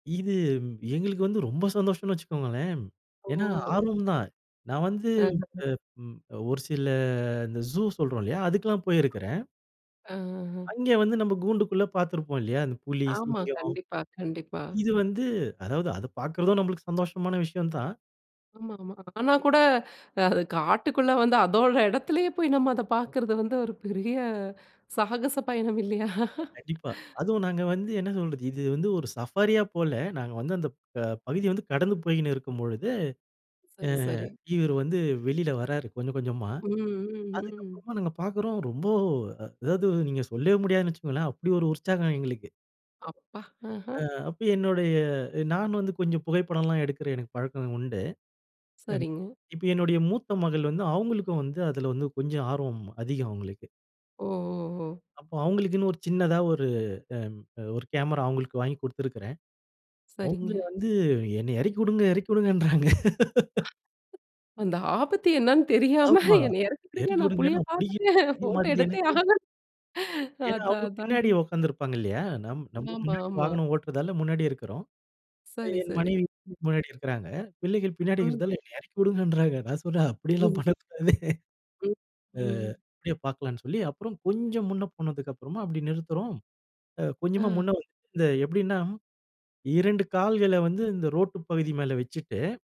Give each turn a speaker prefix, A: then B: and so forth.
A: இது எங்களுக்கு வந்து ரொம்ப சந்தோஷம்னு வச்சுக்கோங்களேன்.
B: ஓ!
A: ஏன்னா, ஆர்வம் தான். நான் வந்து
B: அஹ. அ.
A: அ ம் அ ஒரு சில இந்த "ஜு" சொல்றோம் இல்லையா, அதுக்கெல்லாம் போயிருக்கிறேன்.
B: அ, அ, அ.
A: அங்கே வந்து நம்ப கூண்டுக்குள்ள பார்த்திருப்போம் இல்லையா? அந்த புலி,
B: ஆமா,
A: சிங்கம்.
B: கண்டிப்பா, கண்டிப்பா.
A: இது வந்து அதாவது அத பார்க்கறதும் நம்மளுக்கு சந்தோஷமான விஷயம் தான்.
B: ஆமாமா, ஆனா கூட, அது காட்டுக்குள்ள வந்து அதோட இடத்திலேயே போய் நம்ம அத பார்க்கிறது வந்து ஒரு பெரிய, சாகச பயணம் இல்லையா?
A: ஆமா, கண்டிப்பா. அதுவும் நாங்க வந்து என்ன சொல்றது, இது வந்து ஒரு சஃபாரியா போல. நாங்க வந்து அந்த ப பகுதி வந்து கடந்து போய்கின்னு இருக்கும் பொழுது அ
B: சரி, சரி.
A: இவர் வந்து வெளில வறாரு, கொஞ்சம் கொஞ்சமா.
B: ம், ம்,
A: அதுக்கு
B: ம்.
A: அப்புறமா நாங்க பார்க்கிறோம், ரொம்ப அ அதாவது நீங்க சொல்லவே முடியாதுன்னு வச்சுக்கோங்களேன், அப்படி ஒரு உற்சாகம் எங்களுக்கு.
B: அப்பா!
A: அ
B: அஹ.
A: அப்ப என்னுடைய, எ நான் வந்து கொஞ்சம் புகைப்படம்லாம் எடுக்கிற எனக்கு பழக்கம் உண்டு. எம்
B: சரிங்க.
A: இப்ப என்னுடைய மூத்த மகள் வந்து அவுங்களுக்கும் வந்து அதில வந்து கொஞ்சம் ஆர்வம் அதிகம் அவுங்களுக்கு.
B: ஓ, ஓ, ஓ.
A: அப்போ அவுங்களுக்குன்னு ஒரு சின்னதா ஒரு அ ஒரு கேமரா அவுங்களுக்கு வாங்கிக் கொடுத்திருக்கிறேன்.
B: சரிங்க.
A: அவுங்க வந்து என்னை இறக்கிவுடுங்க, இறக்கிவுடுங்கன்றாங்க!
B: அந்த ஆபத்து என்னன்னு தெரியாம,
A: ஆமா,
B: என்னைய இறக்கிவிடுங்க. நான்
A: எறக்கிவுடுங்க
B: புலிய
A: நான் புடிக்க [unintelligible]
B: பார்த்துட்டே,
A: புரிய
B: போட்டோ
A: மாட்டுது
B: எடுத்தே
A: எனக்கு.
B: ஆக
A: ஏன்னா
B: அதான்,
A: அவங்க
B: அதான்.
A: பின்னாடி
B: ம்.
A: உட்கார்ந்திருப்பாங்க இல்லையா? நம் நம்ப
B: ஆமா,
A: முன்னாடி
B: ஆமா.
A: வாகனம் ஓட்டுறதால முன்னாடி இருக்கிறோம். அ
B: சரி,
A: என்
B: சரி.
A: மனைவி முன்னாடி இருக்கிறாங்க. பிள்ளைகள் பின்னாடி
B: ம், ம்.
A: இருக்கிறதால, என்னை இறக்கிவுடுங்கன்றாங்க. நான் சொல்றேன், அப்படியெல்லாம்
B: ம்.
A: பண்ணக்கூடாது.
B: ம்.
A: அ
B: ம்.
A: அப்படியே பார்க்கலாம்ன்னு சொல்லி அப்புறம் கொஞ்சம் முன்ன போனதுக்குப்புறமா அப்படி நிறுத்துறோம். அ கொஞ்சமா முன்ன
B: அ.
A: வந் [unintelligible] இந்த எப்படின்னா 2 கால்கள வந்து இந்த ரோட்டு பகுதி மேல வெச்சுட்டு